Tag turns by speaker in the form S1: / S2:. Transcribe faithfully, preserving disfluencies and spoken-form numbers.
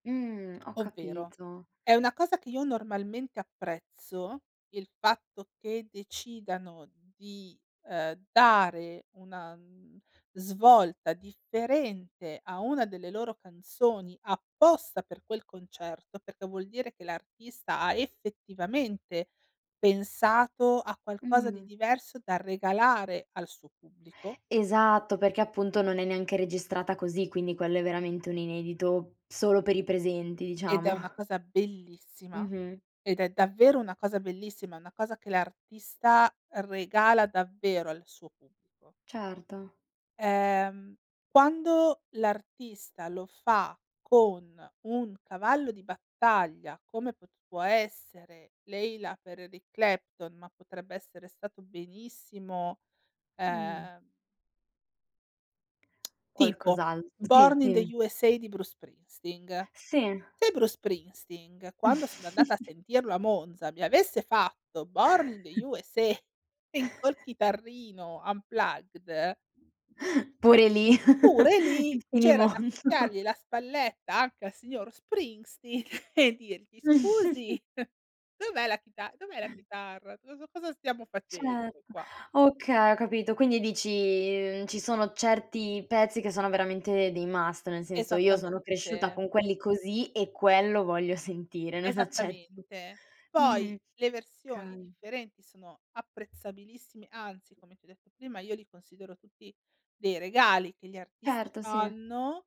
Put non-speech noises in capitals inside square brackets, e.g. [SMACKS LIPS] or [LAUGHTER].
S1: Mh, ho
S2: Ovvero,
S1: capito.
S2: è una cosa che io normalmente apprezzo, il fatto che decidano di, ehm, dare, una n svolta differente a una delle loro canzoni, apposta per quel concerto, perché vuol dire che l'artista, ha effettivamente pensato a qualcosa di
S1: Mh.
S2: diverso, da regalare al suo pubblico
S1: Esatto, perché appunto non è neanche registrata così, quindi, quello è veramente un inedito, solo per i presenti,
S2: Ed è
S1: diciamo.
S2: una cosa bellissima,
S1: Mh-mh.
S2: ed è davvero una cosa bellissima, una cosa che l'artista, regala davvero al suo pubblico.
S1: Certo.
S2: Ehm, quando l'artista lo fa con un cavallo di battaglia, come è potuto essere "Layla" per Eric Clapton, ma potrebbe essere stato benissimo,
S1: Mh.
S2: ehm [SMACKS LIPS] Tipo
S1: Qualcos'alt Sì,
S2: "Born in the
S1: dim
S2: USA" di Bruce Springsteen.
S1: Sì.
S2: Se Bruce Springsteen, quando sono andata a
S1: [CHUCKLES]
S2: sentirlo a Monza mi avesse fatto "Born in the
S1: [CHUCKLES]
S2: USA" col
S1: [CHUCKLES]
S2: chitarrino, unplugged
S1: Pure lì,
S2: pure
S1: [CHUCKLES]
S2: lì,
S1: il
S2: c'era da
S1: finimondo.
S2: ficcargli la spalletta anche al signor Springstink, e dirgli:
S1: [CHUCKLES]
S2: "Scusi, dov'è la chita dov'è la chitarra? Cosa cosa stiamo facendo
S1: cetto,
S2: qua?"
S1: okay, ho capito. Quindi dici, ci sono certi pezzi che sono veramente dei must, nel senso, io sono
S2: Esattamente.
S1: cresciuta con quelli così e quello voglio sentire, non accetto
S2: Esattamente.
S1: mhmm,
S2: Poi, le versioni
S1: kay.
S2: differenti sono apprezzabilissime, anzi, come ti ho detto prima, io li considero tutti dei regali, che gli artisti
S1: certo, sì.
S2: fanno